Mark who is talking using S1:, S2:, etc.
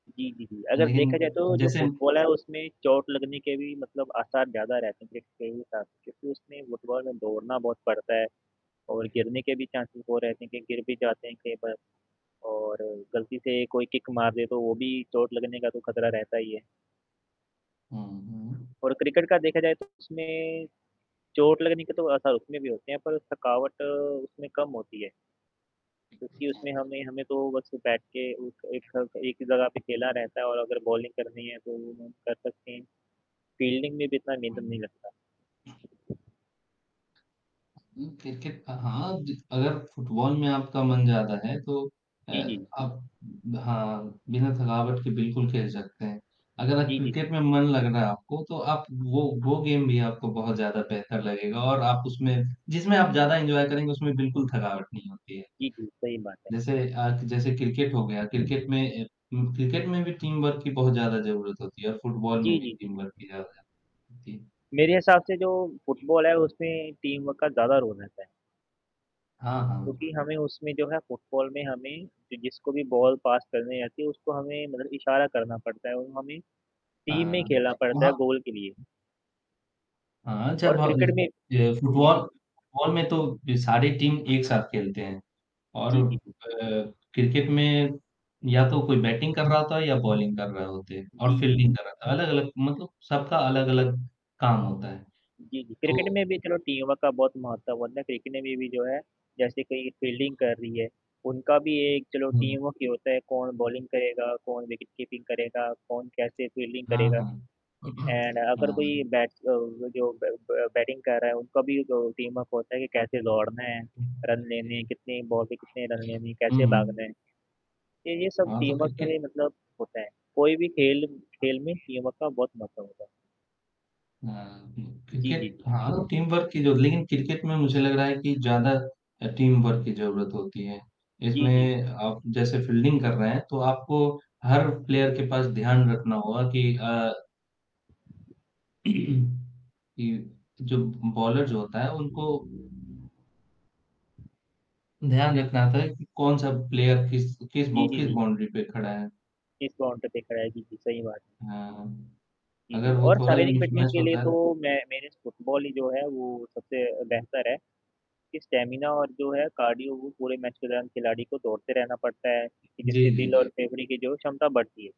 S1: जी, जी, जी, अगर
S2: लेकिन
S1: देखा जाए तो जो
S2: जैसे
S1: फुटबॉल है, उसमें चोट लगने के भी मतलब आसार ज़्यादा रहते हैं, जितने भी ट क्योंकि उसमें फुटबॉल में दौड़ना बहुत पड़ता है, और गिरने के भी चांससेज़ वो रहते हैं कि गिर भी जाते हैं कई बार और गलती से कोई किक मार दे, तो वो भी चोट लगने का तो खतरा रहता ही है।
S2: हुँ, हुँ।
S1: और क्रिकेट का देखा जाए तो उसमें, चोट लगने के तो आसार उसमें भी होते हैं पर थकावट उसमें कम होती है। क्योंकि उसमें हमें हमें तो बस बैठ के उ एक
S2: [unintelligible]
S1: एक ही जगह पे खेला रहता है, और अगर बॉलिंग करनी है तो वो हम कर सकते हैं, फील्डिंग में जितना नेधन
S2: अम
S1: नहीं लगता।
S2: उम, क्रिकेट अ, हाँ, जित अगर फुटबॉल में आपका मन ज़्यादा है तो अ,
S1: जी, जी।
S2: आप हाँ, बिना थकावट के बिल्कुल खेल सकते हैं। अगर आप
S1: जी, जी।
S2: क्रिकेट में मन लग रहा है आपको तो आप वो वो गेम भी आपको बहुत ज़्यादा बेहतर लगेगा और आप उसमें जिसमें आप ज़्यादा एन्जॉय करेंगे उसमें बिल्कुल थकावट नहीं होती है।
S1: जी, जी, सही बात है।
S2: जैसे आप जैसे क्रिकेट हो गया क्रिकेट में अ उम, क्रिकेट में भी टीम वर्क की बहुत ज़्यादा ज़रूरत होती है और फुटबॉल में
S1: जी,
S2: भी
S1: जी, जी।
S2: टीम वर्क की ज़्यादा जी
S1: मेरे हिसाब से जो फुटबॉल है उसमें टीम वर्क का ज़्यादा रोल रहता है।
S2: हाँ, हाँ।
S1: क्योंकि हमें उसमें जो है फुटबॉल में हमें कि जिसको भी बॉल पास करनी रहती है उसको हमें मतलब इशारा करना पड़ता है और हमें टीम में
S2: हाँ,
S1: खेलना पड़ता है
S2: वहाँ
S1: गोल के लिए।
S2: हाँ,
S1: और
S2: जब हब
S1: क्रिकेट में
S2: ये
S1: जी,
S2: फुटबॉल
S1: जी।
S2: फुटबॉल में तो बी सारी टीम एक साथ खेलते हैं और
S1: जी, जी, जी।
S2: अ, क्रिकेट में या तो कोई बैटिंग कर रहा होता है या बॉलिंग कर रहे होते और
S1: जी, जी, जी।
S2: फील्डिंग कर रहा था। अलग-अलग मतलब सबका अलग-अलग काम होता है,
S1: जी, जी, क्रिकेट
S2: तो
S1: में भी चलो टीम वर्क का बहुत महत्व होता, क्रिकेट में भी जो है जैसे कही फ़ील्डिंग कर रही है, उनका भी एक चलो
S2: हुँ।
S1: टीम वर्क ही होता है कौन बॉलिंग करेगा, कौन विकेट कीपिंग करेगा, कौन कैसे फील्डिंग
S2: हाँ,
S1: करेगा।
S2: हाँ।
S1: एंड अगर कोई
S2: हाँ।
S1: बैट्स अ, जो ब ब बैटिंग कर रहा है, उनका भी जो टीम-अप होता है कि कैसे दौड़ना है, रन
S2: जी।
S1: लेने कितनी बॉल पे कितने रन
S2: जी,
S1: लेने,
S2: हुँ,
S1: कैसे भागना
S2: हुँ।
S1: है? ये ये सब
S2: हाँ, तो
S1: टीम वर्क के
S2: क्रिकेट
S1: लिए मतलब होता है कोई भी खेल खेल में टीम वर्क बहुत महत्व होता है।
S2: हाँ, उम,
S1: जी, जी,
S2: क्रिकेट
S1: जी।
S2: हाँ, टीम वर्क ही जो लिन क्रिकेट में मुझे लग रहा है कि ज़्यादा अ, टीम वर्क की ज़रूरत होती है।
S1: जी, जी।
S2: इसमें आप जैसे फील्डिंग कर रहे हैं, तो आपको हर प्लेयर के पास ध्यान रखना होगा कि अ कि जो ब बॉलर जो होता है उनको ध्यान रखना होता है कि कौन-सा प्लेयर किस किस बॉ
S1: जी, जी,
S2: किस
S1: जी।
S2: बाउंड्री पे खड़ा है।
S1: किस प्लोंट पे खड़ा है। जी, जी, सही बात।
S2: हाँ,
S1: जी, जी,
S2: अगर वो
S1: और
S2: थोड़ा भी
S1: शारीरिक फिटनेस
S2: मिसमैच
S1: के लिए
S2: होता है
S1: तो मैं मेरे फुटबॉल ही जो है, वो सबसे अ, बेहतर है कि स्टैमिना और जो है कार्डियो वो पूरे मैच के दौरान खिलाड़ी को दौड़ते रहना पड़ता है कि
S2: जी,
S1: जिससे
S2: जी,
S1: दिल और
S2: जी।
S1: फेफड़े की जो है क्षमता बढ़ती है।